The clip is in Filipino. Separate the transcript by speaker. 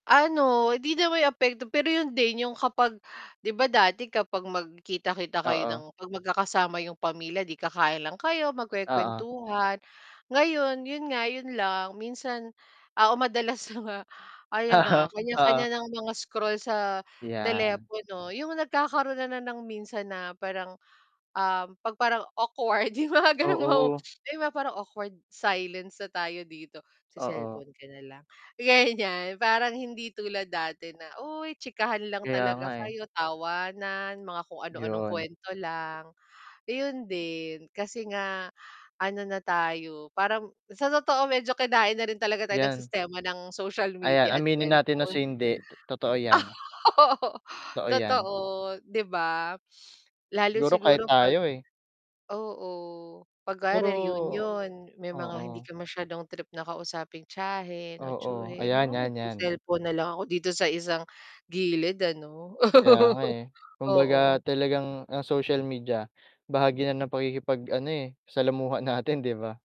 Speaker 1: Ano. Hindi naman yung apekto, pero yun din yung kapag 'di ba, dati kapag magkita-kita kayo ng
Speaker 2: Oo.
Speaker 1: 'pag magka-kasama yung pamilya 'di ka-kain lang kayo,
Speaker 2: Oo.
Speaker 1: magkuwe-kuwentuhan, ngayon yun nga yun lang, minsan oo madalas na nga ayon na,
Speaker 2: Aha,
Speaker 1: kanya-kanya
Speaker 2: oo.
Speaker 1: ng mga scroll sa
Speaker 2: 'Yan.
Speaker 1: telepono. Yung nagkakaroon na ng minsan na parang, ah, 'pag parang awkward yung mga gano'ng
Speaker 2: Oo.
Speaker 1: 'di ba, parang awkward silence na tayo dito, sa
Speaker 2: Oo.
Speaker 1: cellphone ka na lang? Gan'yan, parang hindi tulad dati na, uy chikahan lang
Speaker 2: Kaya nga,
Speaker 1: talaga
Speaker 2: eh.
Speaker 1: kayo, tawanan mga kung anu-anong
Speaker 2: 'Yon.
Speaker 1: kuwento lang, iyon din kasi nga ano na tayo, parang sa totoo medyo kinain na rin talaga tayo ng
Speaker 2: 'Yan.
Speaker 1: sistema ng social
Speaker 2: Ayan,
Speaker 1: media at
Speaker 2: aminin natin sa
Speaker 1: cellphone.
Speaker 2: hindi, totoo 'yan. Totoo 'yan.
Speaker 1: Totoo, 'di ba? Lalo
Speaker 2: Siguro kahit
Speaker 1: siguro 'pag
Speaker 2: tayo, eh.
Speaker 1: oo 'pag kunwari
Speaker 2: Pero
Speaker 1: union, may mga hindi
Speaker 2: oo.
Speaker 1: ka mas'yadong trip na kausapin tiyahin o
Speaker 2: Oo,
Speaker 1: tiyuhin,
Speaker 2: ayan,
Speaker 1: oo,
Speaker 2: 'yan, 'yan.
Speaker 1: se-cellphone na lang ako dito sa isang gilid ano.
Speaker 2: Kaya nga, eh, kumbaga
Speaker 1: Oo.
Speaker 2: talagang ang social media bahagi na ng pakikipag ano, eh, salamuha natin, 'di ba?